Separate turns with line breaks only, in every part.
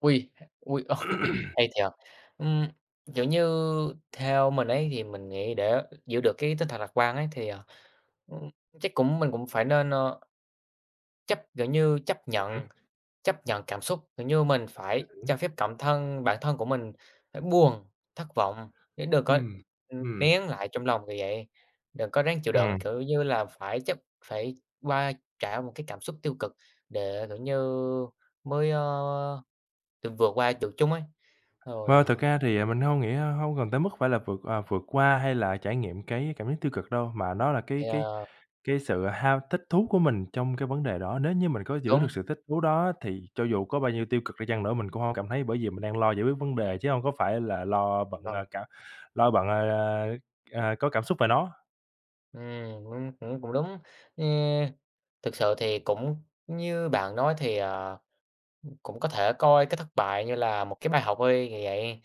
Ôi, ôi, hay thiệt! Ừm, kiểu như, theo mình ấy thì mình nghĩ để giữ được cái tinh thần lạc quan ấy, thì, ờ, ừm, chắc cũng mình cũng phải nên, ơ, chấp, kiểu như, chấp
Ừm
nhận,
hứm.
chấp nhận cảm xúc, kiểu như mình
Ừm
phải cho
hứm.
phép cảm thân bản thân của mình phải buồn, thất vọng. Chứ đừng có,
Ừm,
ừm,
ừm.
nén lại trong lòng, kiểu vậy, đừng có ráng chịu đựng,
Ừm.
kiểu như là phải chấp phải qua trải một cái cảm xúc tiêu cực, để, kiểu như mới, ơ, tự vượt qua được chúng ấy, rồi,
Ơ, thực
ờ
ra thì mình hông nghĩ hông cần tới mức phải là vượt, ờ, vượt qua hay là trải nghiệm cái cảm giác tiêu cực đâu. Mà nó là cái
Thì,
cái
à
cái sự ham thích thú của mình trong cái vấn đề đó. Nếu như mình có giữ được
Đúng.
sự thích thú đó thì cho dù có bao nhiêu tiêu cực đi chăng nữa mình cũng hông có cảm thấy, bởi vì mình đang lo giải quyết vấn đề chứ hông có phải là lo bận,
Vâng.
à, cảm lo bận, à, à, à, có cảm xúc về nó.
Ừm, cũng cũng cũng đúng. E thực sự thì cũng như bạn nói thì, ờ, ừm, cũng có thể coi cái thất bại như là một cái bài học thôi, kiểu vậy,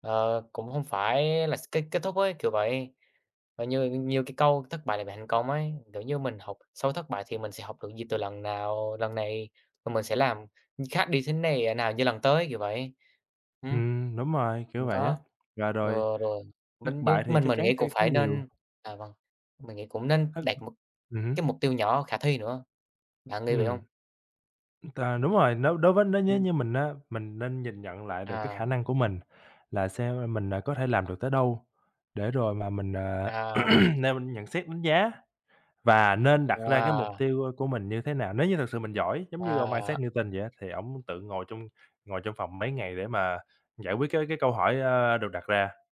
ờ, cũng không phải là s kết kết thúc ấy, kiểu vậy. Và như như cái câu "thất bại là mẹ thành công" ấy, kiểu như mình học sau thất bại thì mình sẽ học được gì từ lần nào lần này. Rồi mình sẽ làm, ừm, khác đi thế này ờ, nào như lần tới, kiểu vậy. Ừm,
Ừm, đúng rồi, kiểu
đừng
vậy
có
á. Và rồi
ờ, rồi,
thất
mình như
bại thì
mình
chắc
mình
chắn
nghĩ cũng
sẽ có
phải
nhiều.
nên à, vâng, mình nghĩ cũng nên
Thất
đặt một
ừm hứm.
cái mục tiêu nhỏ khả thi nữa. Bạn nghĩ vậy
Ừm.
hông?
T đúng rồi, nếu đối với nếu nếu
Ừm.
như mình á, mình nên nhìn nhận lại được cái khả
À.
năng của mình, là xem mình, à, có thể làm được tới đâu. Để rồi mà mình, à,
À, vâng.
nêu nhận xét, đánh giá và nên đặt ra cái mục
Wow!
tiêu của mình như thế nào. Nếu như thật sự mình giỏi, giống như ông
À.
Isaac Newton vậy á, thì ổng tự ngồi trong ngồi trong phòng mấy ngày để mà giải quyết cái cái câu hỏi, a, được đặt ra.